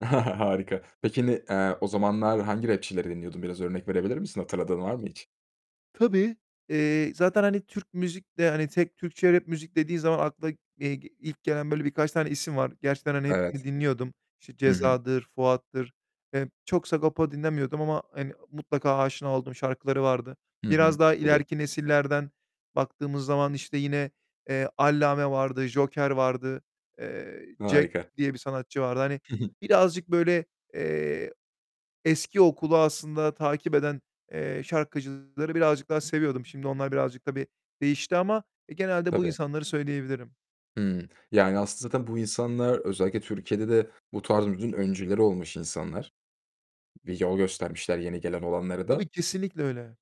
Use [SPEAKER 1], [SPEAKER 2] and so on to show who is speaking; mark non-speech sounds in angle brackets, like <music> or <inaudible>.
[SPEAKER 1] <chuckles> Harika. Peki, n eee, o zamanlar hangi rapçileri dinliyordun biraz örnek verebilir misin? Hatırladığın var mı hiç?
[SPEAKER 2] Tabii, eee, zaten, hani, Türk müzik de, hani, tek Türkçe rap müzik dediğin zaman akla, eee, ilk gelen böyle birkaç tane isim var. Gerçekten, hani,
[SPEAKER 1] Evet.
[SPEAKER 2] hepsini dinliyordum. İşte,
[SPEAKER 1] Hı hı.
[SPEAKER 2] Ceza'dır, Fuat'tır. Eee, çok Sagopa dinlemiyordum ama, hani, mutlaka aşina olduğum şarkıları vardı.
[SPEAKER 1] Hı
[SPEAKER 2] Biraz
[SPEAKER 1] hı.
[SPEAKER 2] daha
[SPEAKER 1] Tabii.
[SPEAKER 2] ileriki nesillerden baktığımız zaman, işte yine, eee, Allame vardı, Joker vardı, eee, Jack
[SPEAKER 1] Harika.
[SPEAKER 2] diye bir sanatçı vardı. Hani,
[SPEAKER 1] Hı hı.
[SPEAKER 2] birazcık böyle, eee, eski okulu aslında takip eden, eee, şarkıcıları birazcık daha seviyordum. Şimdi onlar birazcık, tabii, değişti ama, eee, genelde bu
[SPEAKER 1] Tabii.
[SPEAKER 2] insanları söyleyebilirim.
[SPEAKER 1] Hımm. Yani, aslında zaten bu insanlar özellikle Türkiye'de de bu tarz müziğin öncüleri olmuş insanlar. Yol göstermişler yeni gelen olanlara da.
[SPEAKER 2] Tabii, kesinlikle öyle.